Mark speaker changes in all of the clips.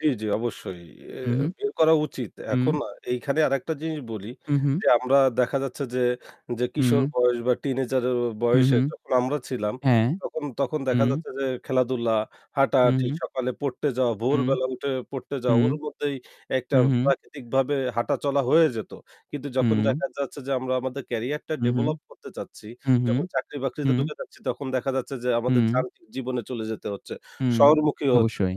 Speaker 1: জি, জি অবশ্যই, এ
Speaker 2: উ
Speaker 1: এ
Speaker 2: হুম।
Speaker 1: বের করা উচিত।
Speaker 2: উম।
Speaker 1: এখন আ এইখানে আরেকটা জিনিস বলি
Speaker 2: হু, হুম।
Speaker 1: যে, আমরা দেখা যাচ্ছে যে, যে কিশোর
Speaker 2: হুম।
Speaker 1: বয়স বা টিনেজার
Speaker 2: হু,
Speaker 1: বয়সে
Speaker 2: হুম।
Speaker 1: যখন আমরা ছিলাম
Speaker 2: হ্যাঁ।
Speaker 1: তখন তখন দেখা
Speaker 2: হুম।
Speaker 1: যাচ্ছে যে খেলাধুলা,
Speaker 2: হু,
Speaker 1: হাঁটাহাটি,
Speaker 2: হুম।
Speaker 1: সকালে পড়তে যাওয়া,
Speaker 2: উম
Speaker 1: ভোরবেলা উঠে পড়তে যাওয়া,
Speaker 2: হুম।
Speaker 1: ওর মধ্যেই একটা
Speaker 2: হু, হুম।
Speaker 1: প্রাকৃতিকভাবে হাঁটাচলা হয়ে যেত। কিন্তু যখন
Speaker 2: হুম।
Speaker 1: দেখা যাচ্ছে যে আমরা আমাদের ক্যারিয়ারটা
Speaker 2: হু, হুম।
Speaker 1: develop করতে চাচ্ছি,
Speaker 2: উ হুম।
Speaker 1: যখন চাকরি বাকরিতে
Speaker 2: হুম।
Speaker 1: ঢুকে যাচ্ছি তখন দেখা যাচ্ছে যে আমাদের
Speaker 2: হুম।
Speaker 1: যান্ত্রিক জীবনে চলে যেতে হচ্ছে,
Speaker 2: হুম,
Speaker 1: শহরমুখী হচ্ছে
Speaker 2: অবশ্যই,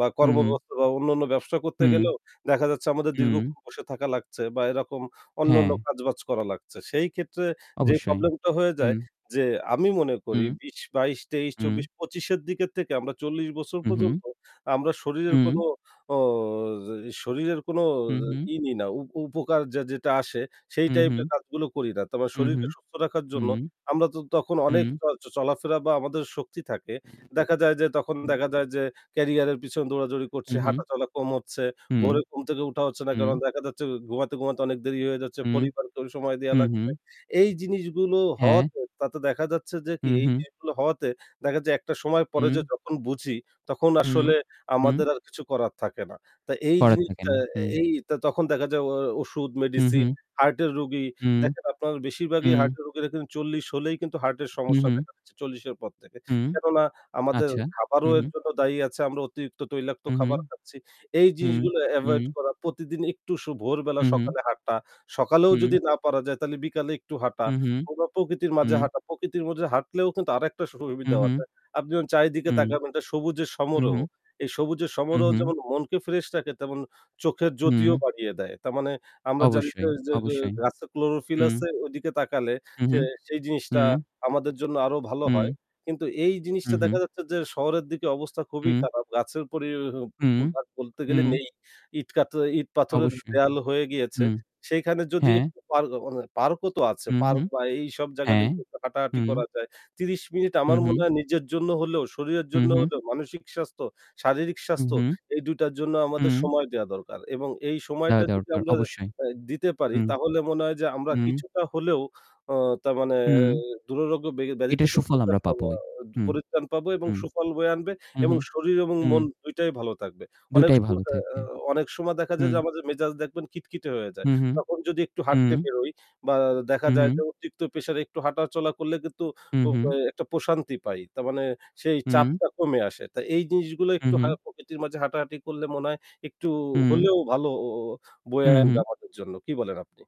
Speaker 1: বা
Speaker 2: হু, হুম।
Speaker 1: কর্মব্যবস্থা বা অন্যান্য ব্যবসা করতে
Speaker 2: হুম।
Speaker 1: গেলেও দেখা যাচ্ছে আমাদের
Speaker 2: উম।
Speaker 1: দীর্ঘক্ষণ বসে থাকা লাগছে বা এরকম অন্যান্য
Speaker 2: হ্যাঁ।
Speaker 1: কাজবাজ করা লাগছে। সেই ক্ষেত্রে যে
Speaker 2: অবশ্যই,
Speaker 1: problem টা হয়ে যায়
Speaker 2: উম।
Speaker 1: যে, আমি মনে করি
Speaker 2: উম।
Speaker 1: বিশ, বাইশ, তেইশ,
Speaker 2: উম।
Speaker 1: চব্বিশ, পঁচিশ এর দিকের থেকে আমরা ৪০ বছর
Speaker 2: উ হুম।
Speaker 1: পর্যন্ত আমরা শরীরের কোন
Speaker 2: উম।
Speaker 1: অ শরীরের কোন
Speaker 2: হু, হুম।
Speaker 1: ই নি না, উ উপকার যা যেটা আসে সেই
Speaker 2: হু,
Speaker 1: type এর
Speaker 2: হুম।
Speaker 1: কাজগুলো করি না। তার মানে
Speaker 2: উ হুম,
Speaker 1: শরীরকে সুস্থ রাখার জন্য
Speaker 2: হুম।
Speaker 1: আমরা তো তখন অনেক
Speaker 2: উম।
Speaker 1: চ চলাফেরা বা আমাদের শক্তি থাকে। দেখা যায় যে তখন দেখা যায় যে, ক্যারিয়ারের পিছনে দৌড়াদৌড়ি করছে,
Speaker 2: উ-হুম।
Speaker 1: হাঁটাচলা কম হচ্ছে,
Speaker 2: হুম।
Speaker 1: ভোরের ঘুম থেকে ওঠা হচ্ছে না।
Speaker 2: হুম।
Speaker 1: কারণ দেখা যাচ্ছে ঘুমাতে, ঘুমাতে অনেক দেরি হয়ে যাচ্ছে।
Speaker 2: উম।
Speaker 1: পরিবারকে সময় দেয়া
Speaker 2: হু,
Speaker 1: লাগছে।
Speaker 2: হুম।
Speaker 1: এই জিনিসগুলো
Speaker 2: হ্যাঁ।
Speaker 1: হওয়াতে তাতে দেখা যাচ্ছে যে
Speaker 2: হু,
Speaker 1: কি এই
Speaker 2: হুম।
Speaker 1: জিনিসগুলো হওয়াতে দেখা যায় একটা সময় পরে যে
Speaker 2: উম।
Speaker 1: যখন বুঝি, তখন
Speaker 2: হুম,
Speaker 1: আসলে
Speaker 2: উম।
Speaker 1: আমাদের আর কিছু করার থাকে না। তা এই
Speaker 2: করার থাকে
Speaker 1: জিনিসটা
Speaker 2: না, হুম।
Speaker 1: এই ত তখন দেখা যায় ও ওষুধ
Speaker 2: হু,
Speaker 1: মেডিসিন,
Speaker 2: হুম।
Speaker 1: হার্টের রোগী
Speaker 2: হুম।
Speaker 1: দেখেন আপনারা বেশিরভাগই
Speaker 2: উম।
Speaker 1: হার্টের রোগীর এখানে ৪০ হলেই কিন্তু হার্টের
Speaker 2: হু,
Speaker 1: সমস্যা
Speaker 2: হুম।
Speaker 1: দেখা দিচ্ছে ৪০ এর পর থেকে।
Speaker 2: হুম।
Speaker 1: কেননা আমাদের
Speaker 2: আচ্ছা, হু,
Speaker 1: খাবারও এর
Speaker 2: হুম।
Speaker 1: জন্য দায়ী আছে। আমরা অতিরিক্ত তৈলাক্ত
Speaker 2: উ হুম।
Speaker 1: খাবার খাচ্ছি। এই
Speaker 2: হুম,
Speaker 1: জিনিসগুলো
Speaker 2: হুম।
Speaker 1: avoid করা, প্রতিদিন একটু স ভোরবেলা
Speaker 2: হু, হুম।
Speaker 1: সকালে হাঁটা। সকালেও
Speaker 2: হুম।
Speaker 1: যদি না পারা যায় তাহলে বিকালে একটু হাঁটা,
Speaker 2: হু, হুম।
Speaker 1: কোন প্রকৃতির মাঝে
Speaker 2: উম।
Speaker 1: হাঁটা। প্রকৃতির মধ্যে হাঁটলেও কিন্তু আরেকটা সু
Speaker 2: হু,
Speaker 1: সুবিধাও
Speaker 2: হুম।
Speaker 1: আছে। আপনি যখন চারিদিকে
Speaker 2: হুম।
Speaker 1: তাকাবেন এটা সবুজের সমারোহ।
Speaker 2: উ-হুম।
Speaker 1: এই সবুজের
Speaker 2: উ
Speaker 1: সমারোহ
Speaker 2: হুম।
Speaker 1: যেমন মনকে fresh রাখে তেমন চোখের জ্যোতিও
Speaker 2: হুম।
Speaker 1: বাড়িয়ে দেয়। তার মানে আমরা জানি যে,
Speaker 2: অবশ্যই,
Speaker 1: যে যে যে
Speaker 2: অবশ্যই।
Speaker 1: গাছে chlorophyll
Speaker 2: হুম।
Speaker 1: আছে ওদিকে তাকালে, সে
Speaker 2: উ-হুম।
Speaker 1: সেই জিনিসটা
Speaker 2: হুম।
Speaker 1: আমাদের জন্য আরও ভালো হয়।
Speaker 2: হুম।
Speaker 1: কিন্তু এই
Speaker 2: উ
Speaker 1: জিনিসটা
Speaker 2: হুম।
Speaker 1: দেখা যাচ্ছে যে শহরের দিকে অবস্থা খুবই
Speaker 2: উম।
Speaker 1: খারাপ। গাছের পরিবে
Speaker 2: হুম,
Speaker 1: ব বলতে গেলে
Speaker 2: হুম।
Speaker 1: নেই। ইট, কাঠ, আ ইট, পাথরের
Speaker 2: অবশ্যই।
Speaker 1: দেয়াল হয়ে গিয়েছে।
Speaker 2: হুম।
Speaker 1: সেইখানে যদি
Speaker 2: হ্যাঁ।
Speaker 1: একটু park মানে park ও তো আছে। park
Speaker 2: উ-হুম।
Speaker 1: বা এইসব জায়গায়
Speaker 2: হ্যাঁ,
Speaker 1: যদি একটু হাঁটাহাটি
Speaker 2: হুম।
Speaker 1: করা যায় ৩০ মিনিট,
Speaker 2: হু,
Speaker 1: আমার মনে
Speaker 2: হুম।
Speaker 1: হয় নিজের জন্য হলেও, শরীরের
Speaker 2: হু,
Speaker 1: জন্য
Speaker 2: হুম।
Speaker 1: হলেও মানসিক স্বাস্থ্য, শারীরিক
Speaker 2: উ
Speaker 1: স্বাস্থ্য
Speaker 2: হুম।
Speaker 1: এই ২ টার জন্য আমাদের
Speaker 2: হুম।
Speaker 1: সময় দেয়া দরকার এবং এই
Speaker 2: দেখা
Speaker 1: সময়টা যদি
Speaker 2: দরকার
Speaker 1: আমরা
Speaker 2: অবশ্যই।
Speaker 1: আ দিতে পারি
Speaker 2: হুম।
Speaker 1: তাহলে মনে হয় যে আমরা
Speaker 2: হুম।
Speaker 1: কিছুটা হলেও অ তা মানে
Speaker 2: হুম।
Speaker 1: দুররোগ্য ব্যা ব্যাধি
Speaker 2: এটার
Speaker 1: থেকে
Speaker 2: সুফল
Speaker 1: পরিত্রাণ
Speaker 2: আমরা
Speaker 1: পাব
Speaker 2: পাবোই। হুম,
Speaker 1: পরিত্রান পাবো এবং
Speaker 2: হুম।
Speaker 1: সুফল বয়ে আনবে
Speaker 2: উ
Speaker 1: এবং
Speaker 2: হুম,
Speaker 1: শরীর এবং
Speaker 2: হুম।
Speaker 1: মন দুইটাই ভালো থাকবে। অনেক
Speaker 2: দুটাই
Speaker 1: সময়
Speaker 2: ভালো
Speaker 1: অ অ্যা
Speaker 2: থাকবে।
Speaker 1: অনেক সময় দেখা যায়
Speaker 2: হুম।
Speaker 1: যে আমাদের মেজাজ দেখবেন খিটখিটে হয়ে যায়।
Speaker 2: হু, হুম,
Speaker 1: তখন যদি একটু
Speaker 2: উম।
Speaker 1: হাঁটতে বেরোই বা দেখা
Speaker 2: উ
Speaker 1: যায় যে
Speaker 2: হুম।
Speaker 1: অতিরিক্ত pressure একটু হাঁটাচলা করলে কিন্তু
Speaker 2: উ
Speaker 1: প
Speaker 2: হুম।
Speaker 1: এ একটা প্রশান্তি পাই। তার মানে সেই
Speaker 2: হুম।
Speaker 1: চাপটা কমে আসে। তাই এই জিনিসগুলো
Speaker 2: উ
Speaker 1: একটু
Speaker 2: হুম।
Speaker 1: হয় প্রকৃতির মাঝে হাঁটাহাটি করলে মনে হয় একটু
Speaker 2: হুম।
Speaker 1: হলেও ভালো
Speaker 2: হু,
Speaker 1: বয়ে আনবে
Speaker 2: হুম।
Speaker 1: আমাদের জন্য। কি বলেন আপনি?